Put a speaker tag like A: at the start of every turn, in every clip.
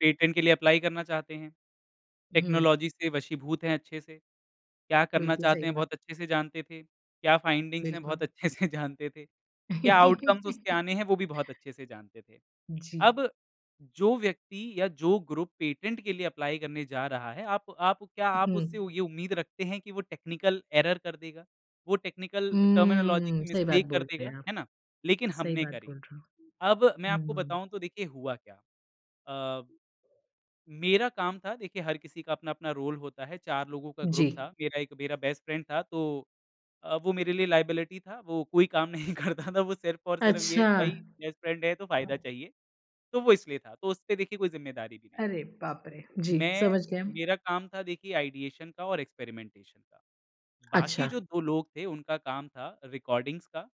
A: Patent के लिए apply करना चाहते हैं।
B: हुँ।
A: टेक्नोलॉज़ी से वशीभूत हैं अच्छे से। क्या करना
B: बिल्कुल सही
A: चाहते हैं
B: बात।
A: बहुत अच्छे से जानते थे। क्या फ़ाइंडिंग्स है बहुत
B: बिल्कुल।
A: अच्छे से जानते थे। क्या आउटकम्स उसके आने हैं वो भी बहुत अच्छे से जानते थे।
B: जी।
A: अब जो व्यक्ति या जो ग्रुप, पेटेंट के लिए एप्लाई करने जा रहा है, आप आप क्या आप उससे
B: हुँ।
A: ये उम्मीद रखते हैं कि वो टेक्निकल एरर कर देगा? वो टेक्निकल टर्मिनोलॉज़ी
B: हम्म,
A: की
B: सही बात
A: मिस्टेक
B: बोल
A: कर
B: रहे
A: देगा?
B: हैं आप।
A: है ना। लेकिन
B: सही
A: हमने
B: बात
A: करी।
B: बोल रहे
A: अब मैं
B: हो।
A: आपको
B: हुँ।
A: बताऊँ तो देखिए हुआ क्या। अ मेरा काम था देखिए हर किसी का अपना-अपना रोल होता है। 4 लोगों का ग्रुप
B: जी।
A: था। मेरा एक मेरा बेस्ट फ्रेंड था तो अ, वो मेरे लिए लायबिलिटी था। वो कोई काम नहीं करता था। वो सिर्फ़ और सिर्फ़, ये
B: अच्छा।
A: भाई बेस्ट फ्रेंड है तो फ़ायदा चाहिए। तो वो इसलिए था। तो उसपे देखिए कोई ज़िम्मेदारी भी नहीं
B: अरे
A: थी।
B: बाप रे! जी,
A: मैं,
B: समझ गए हम।
A: मेरा काम था देखिए आइडिएशन का और एक्सपेरिमेंटेशन का। बाकी
B: अच्छा।
A: जो 2 लोग थे उनका काम था रिकॉर्डिंग्स का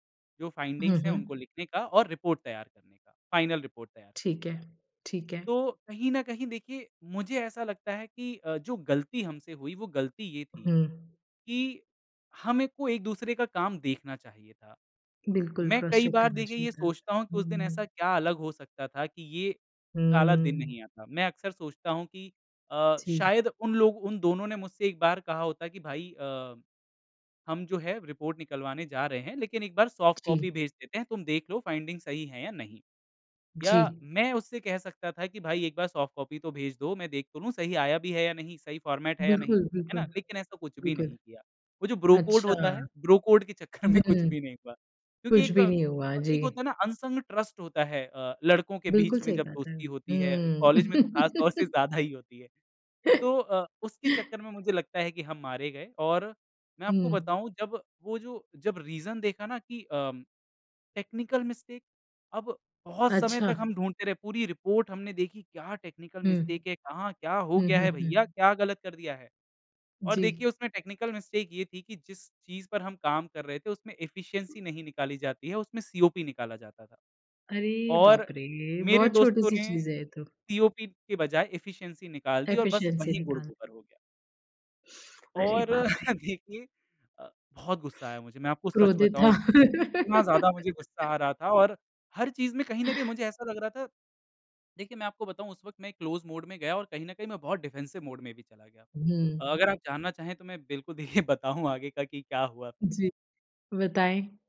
A: जो
B: हुँ,
A: फ़ाइंडिंग्स है उनको
B: हुँ।
A: लिखने का और रिपोर्ट तैयार करने का, फ़ाइनल रिपोर्ट तैयार करने
B: ठीक है।
A: का।
B: ठीक है।
A: तो कहीं न कहीं देखिए मुझे ऐसा लगता है कि अ, जो गलती हमसे हुई वो गलती ये
B: हुँ,
A: थी
B: हुँ।
A: कि हम एक को एक-दूसरे का काम देखना चाहिए था।
B: बिल्कुल,
A: मैं
B: क्रॉस
A: कई
B: चेक
A: बार
B: करना
A: देखिये ये
B: चाहिए था।
A: सोचता हूँ कि उस दिन ऐसा
B: हुँ।
A: क्या अलग हो सकता था कि ये काला दिन
B: हुँ।
A: नहीं आता। मैं अक्सर सोचता हूँ कि अ,
B: ठीक।
A: शायद उन लोग उन दोनों ने मुझसे एक बार कहा होता कि भाई अ, हम जो है रिपोर्ट निकलवाने जा रहे हैं लेकिन एक बार सॉफ्ट
B: जी।
A: कॉपी भेज देते हैं तुम देख लो फ़ाइंडिंग सही है या नहीं। या
B: जी।
A: मैं उससे कह सकता था कि भाई एक बार सॉफ्ट कॉपी तो भेज दो मैं देख तो लूँ सही आया भी है या नहीं, सही फ़ॉर्मेट है या नहीं।
B: बिल्कुल,
A: है ना।
B: बिल्कुल।
A: लेकिन ऐसा कुछ भी
B: बिल्कुल।
A: नहीं किया। वो जो ब्रो कोड
B: अच्छा।
A: होता है, ब्रो कोड के चक्कर में कुछ
B: हुँ।
A: भी नहीं हुआ। क्योंकि
B: कुछ
A: एक
B: भी
A: अ,
B: नहीं हुआ।
A: एक
B: जी।
A: होता है ना अनसंग ट्रस्ट होता है अ, लड़कों के
B: बिल्कुल,
A: बीच में
B: सही
A: जब
B: बात है।
A: दोस्ती होती है, कॉलेज में तो ख़ासतौर
B: हुँ।
A: से ज़्यादा ही होती है। तो अ, उसके चक्कर में मुझे लगता है कि हम मारे गए। और मैं आपको
B: हुँ।
A: बताऊँ जब वो जो जब रीज़न देखा ना कि अ, टेक्निकल मिस्टेक अब बहुत समय
B: अच्छा।
A: तक हम ढूँढते रहे पूरी रिपोर्ट हमने देखी क्या टेक्निकल
B: हुँ।
A: मिस्टेक है, कहाँ क्या हो
B: हुँ,
A: गया
B: हुँ,
A: है भैया,
B: हुँ।
A: क्या गलत कर दिया है। और देखिए
B: जी।
A: उसमें टेक्निकल मिस्टेक ये थी कि जिस चीज़ पर हम काम कर रहे थे उसमें एफ़िशिएंसी नहीं निकाली जाती है उसमें सीओपी निकाला जाता था।
B: अरे बाप
A: और
B: रे!
A: मेरे
B: बहुत
A: दोस्तों
B: छोटी-सी
A: ने
B: चीज़ है ये तो।
A: सीओपी के बजाय एफ़िशिएंसी निकाल दी और बस
B: एफ़िशिएंसी
A: वही
B: निकाल
A: गुड़-गोबर हो गया।
B: अरे
A: और
B: बाप रे!
A: देखिए अ, बहुत गुस्सा आया मुझे। मैं आपको सच
B: क्रोधित
A: बताऊँ।
B: था।
A: इतना ज़्यादा मुझे गुस्सा आ रहा था और हर चीज़ में कहीं न कहीं मुझे ऐसा लग रहा था देखिए मैं आपको बताऊँ उस वक़्त मैं क्लोज़ मोड में गया और कहीं न कहीं मैं बहुत डिफेंसिव मोड में भी चला गया
B: हुँ।
A: था। अगर आप जानना चाहें तो मैं बिल्कुल देखिए बताऊँ आगे का कि क्या हुआ फिर?
B: जी। बताएँ।